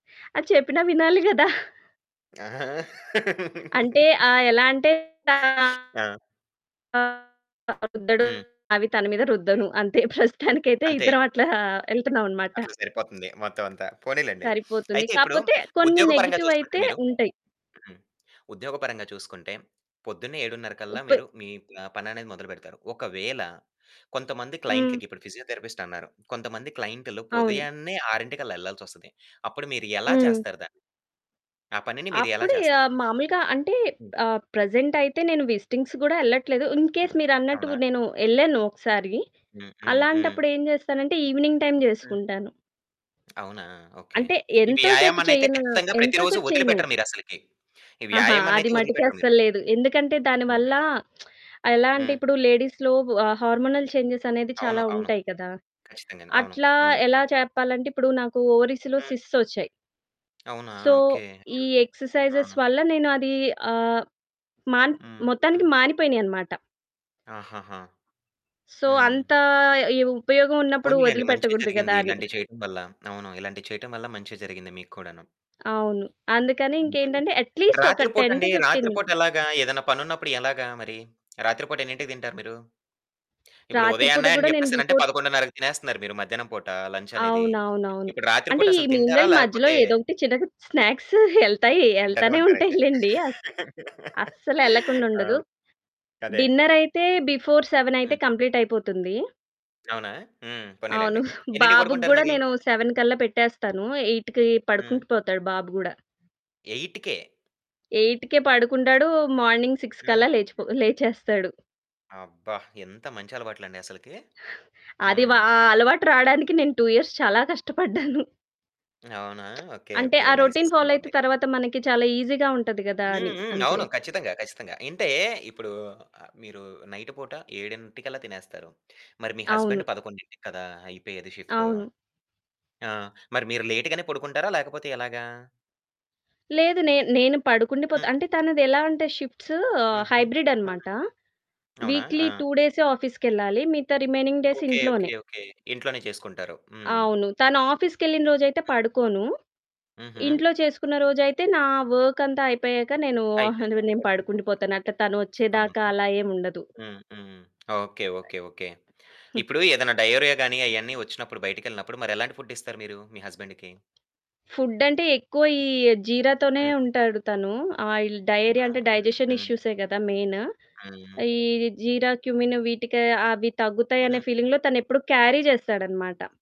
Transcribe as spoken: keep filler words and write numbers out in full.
అది చెప్పినా వినాలి గదా! ఆ! అంటే, ఆహ్, ఎలా అంటే, ఆ! ఆహ్, [unintelligible] హ్మ్. అవి తన మీద రుద్దను అంతే ప్రస్తుతానికి అయితే అంతే. ఇద్దరం అట్లా వెళ్తున్నాం అనమాట. అట్లా సరిపోతుంది మొత్తం అంతా పోనిలెండి. సరిపోతుంది. అయితే ఇప్పుడు కాపోతే కొన్ని ఉద్యోగ పరంగా చూసుకుంటే నెగెటివైతే మీరు ఉంటయి. హ్మ్. ఉద్యోగ పరంగా చూసుకుంటే పొద్దున్నే ఏడున్నర కల్లా ఉప్పు మీరు మీ పని అనేది మొదలు పెడతారు. ఒకవేళ కొంతమంది హ్మ్. క్లయింట్లకి ఇప్పుడు ఫిజియోథెరపిస్టన్నారు. కొంతమంది క్లయింట్లు అవును. పుదయాన్నే ఆరింటికల్లా ఎళ్ళాల్సొస్తది. అప్పుడు మీరు ఎలా హ్మ్. చేస్తారు దాన్ని. ఆ పనిని మీరు ఎలా అప్పుడిగ చేస్తారు? మాములుగా అంటే, హ్మ్. ఆహ్, ప్రెజెంట్ అయితే నేను విజిటింగ్స్ గూడా వెళ్ళట్లేదు. ఇన్ కేస్ హ్మ్. మీరన్నట్టు అవునా! నేను ఎళ్ళాను ఒకసారి హ్మ్. హ్మ్. హ్మ్. అలాంటప్పుడు ఎం చేస్తానంటే ఈవెనింగ్ టైమ్ హ్మ్. చేసుకుంటాను. అవునా! ఓకే. అంటే ఈ ఎంతో సేపు వ్యాయామన్నయితే చేయనా ఖచ్చితంగా ఎంతో ప్రతిరోజు సేపు చేయను. వదిలిపెట్టరు మీరసలకి. ఈ అహా! అది వ్యాయామన్నయితే మటికి వదిలిపెట్టరు మీరు. అస్సలు లేదు. ఎందుకంటే దాని వల్ల, హుహు. ఎలా అంటే హ్మ్. ఇప్పుడు లేడీస్‌లో హార్మోనల్ చేంజ్స్ అనేది అవును. చాలా అవును. ఉంటాయి కదా! ఖచ్చితంగాను. అవును. అట్లా, హ్మ్. ఎలా చెప్పాలంటే ఇప్పుడు నాకు ఓవరీస్‌లో హ్మ్. సిస్ట్స్ వచ్చాయి. అవునా! So, okay. అయ్యో! ఈ ఆ! ఎక్సర్సైజెస్ వల్ల నేను అది ఆహ్, మా హ్మ్. మొత్తానికి హ్మ్. మానిపోయినియి అనమాట. ఆహాహా! సో, హ్మ్. అంత ఆయు ఉపయోగం ఉన్నప్పుడు పోనీలెండి మంచే వదిలిపెట్టకూడదు కదా! జరిగింది. అని. ఇలాంటియి చేయటం వల్ల అవును. ఇలాంటియి చేయటం వల్ల మంచే జరిగింది మీకు కూడాను. అవును. అందుకని హుహు. ఇంకేంటంటే యట్‌లీస్ట్ ఒక రాత్రి పూట టెన్ టూ అండి. ఫిఫ్టీన్. రాత్రి మిన్ పూట ఎలాగా ఏదైనా పనున్నపుడు ఎలాగా మరి రాత్రి పూట ఎన్నింటికి తింటారు మీరు. ఇప్పుడు రాత్రి పూట ఉదయానే అని గూడా నేను చెప్పేసనంటే బిఫోర్ స్ పదకొండున్నరకి తినేస్తున్నారు మీరు మధ్యాహ్నం పూట లంచనేది. అవును. అవును. అవును. ఇప్పుడు రాత్రి అంటే పూట ఈ అసల మీన్ తింటారా వైల్ మధ్యలో లేకపోతే ఏదోకటి చిన్నగా స్నాక్స్ ఎళ్తాయి తింటనే ఎళ్తానే ఉంటాయి ఉంటారైతే లెండి. అస్సలెళ్ళకుండా ఆ! ఉండదు. అదే. డిన్నరైతే బిఫోర్ సెవెనైతే హ్మ్. కంప్లీటయిపోతుంది. అవునా! హ్మ్. అవును. పోనీలెండి. ఎన్నింటికి బాబుకి పడుకుంటారు గూడా మరి? నేను సెవెన్ కల్లా పెట్టేస్తాను. ఎయిట్‌కి హ్మ్. పడుకుంటూ పోతాడు బాబు గూడా. ఎయిట్‌కే ఎయిట్‌కే పడుకుంటాడు. మార్నింగ్ సిక్స్ కల్లా హ్మ్. లేచి పో లేచేస్తాడు. అబ్బా! ఎంత మంచి అలవాట్లండి అసలకి. అది వా హ్మ్. ఆ అలవాటు రాడానికి నేను టూ ఇయర్స్ చాలా కష్టపడ్డాను. అవునా! ఓకె. అంటే ఓకె. ఆ నైస్. రొటీన్ ఫాలో అయితే బావుంది. తరువాత మనకి చాలా ఈజీగా ఉంటది కదా! హ్మ్. అని హ్మ్. అంతే. అవును. ఖచ్చితంగా, ఖచ్చితంగా. అంటే ఇప్పుడు మీరు నైటు పూట ఏడింటికల్లా తినేస్తారు. మరి మీ అవును. హస్బెండ్ పదకొండింటికి కదా! అయిపోయేది షిఫ్టు. అవును. ఆ! మరి మీరు లేట్‌ గానే పడుకుంటారా లేకపోతే ఎలాగా? లేదు. నేన్ నేను పడుకుండి పోతా. హ్మ్. అంటే తనది ఎలా అంటే షిఫ్ట్స్ షిఫ్ట్స్ హుహు. హైబ్రిడ్ హ్మ్. అనమాట. అవునా? ఆ! వీక్లీ టూ డేసే ఆఫీస్‌కెళ్ళాలి. మిగతా రిమైనింగ్ డేస్ ఓకే. ఓకే. ఇంట్లోనే. ఓకే ఇంట్లోనే చేసుకుంటారు. హ్మ్. అవును. తను ఆఫీస్‌కెళ్ళిన రోజైతే హ్మ్. పడుకోను. హుహు. ఇంట్లో చేసుకున్న రోజైతే నా వర్క్ అంతా అయిపోయాక నేను, ఆహ్, అయిపోయిన తర్వాత నేను పడుకుండి పడుకుండిపోతారు. పోతాను. అట్లా అవునా? తనొచ్చేదాకా అలా ఏముండదు. హ్మ్. హ్మ్. ఓకే. ఓకే. ఓకే. ఇప్పుడు ఏదైనా డయోరియా గాని అయన్నీ వచ్చినప్పుడు బయటికెళ్ళినప్పుడు మరి ఎలాంటి ఫుడ్డిస్తారు మీరు మీ హస్బెండ్‌కి. ఫుడ్డంటే ఎక్కువ ఈ జీరా తోనే హ్మ్. ఉంటాడు. తను ఆయిల్ డయేరియా అవునా! అంటే డైజెషన్ హ్మ్. హ్మ్. ఇష్యూసే కదా! మెయిను. హ్మ్. ఈ జీరా, క్యుమిన్ వీటికి అవి తగ్గుతాయి అనే హ్మ్. ఫీలింగ్‌లో తనెప్పుడు క్యారీ చేస్తాడనమాట.